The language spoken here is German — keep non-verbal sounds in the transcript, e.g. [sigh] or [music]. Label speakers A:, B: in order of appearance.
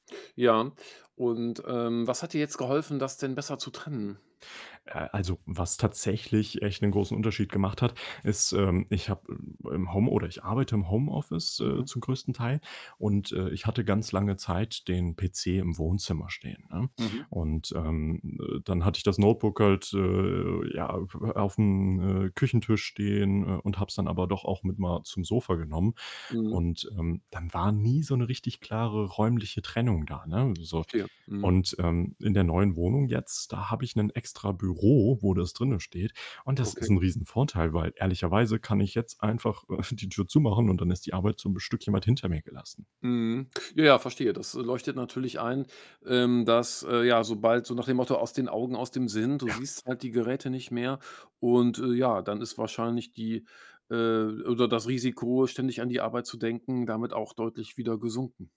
A: Ja, und, ähm, was hat dir jetzt geholfen, das denn besser zu trennen?
B: Äh, also, was tatsächlich echt 'nen großen Unterschied gemacht hat, ist, ähm, ich habe im im Home oder ich arbeite im Homeoffice, äh,
A: Mhm.
B: zum größten Teil und, äh, ich hatte ganz lange Zeit den PC im Wohnzimmer stehen, ne?
A: Mhm.
B: Und, ähm, äh, dann hatte ich das Notebook halt, äh, ja, äh, auf'm, äh, Küchentisch stehen, äh, und habe es dann aber doch auch mit mal zum Sofa genommen.
A: Mhm.
B: Und, ähm, dann war nie so 'ne richtig klare räumliche Trennung da, ne, so.
A: Verstehe, mhm.
B: Und, ähm, in der neuen Wohnung jetzt, da habe ich 'nen extra Büro, wo das drinnen steht. Und das ist
A: Okay.
B: 'n riesen Vorteil, weil ehrlicherweise kann ich jetzt einfach, äh, [chuckles] die Tür zumachen und dann ist die Arbeit so 'n Stückchen weit hinter mir gelassen.
A: Mhm. Ja, verstehe. Das, äh, leuchtet natürlich ein, ähm, dass, äh ja, sobald so nach dem Motto: „Aus den Augen, aus dem Sinn.“ Du
B: Ja.
A: siehst halt die Geräte nicht mehr. Und, äh, ja, dann ist wahrscheinlich die, äh oder das Risiko, ständig an die Arbeit zu denken, damit auch deutlich wieder gesunken.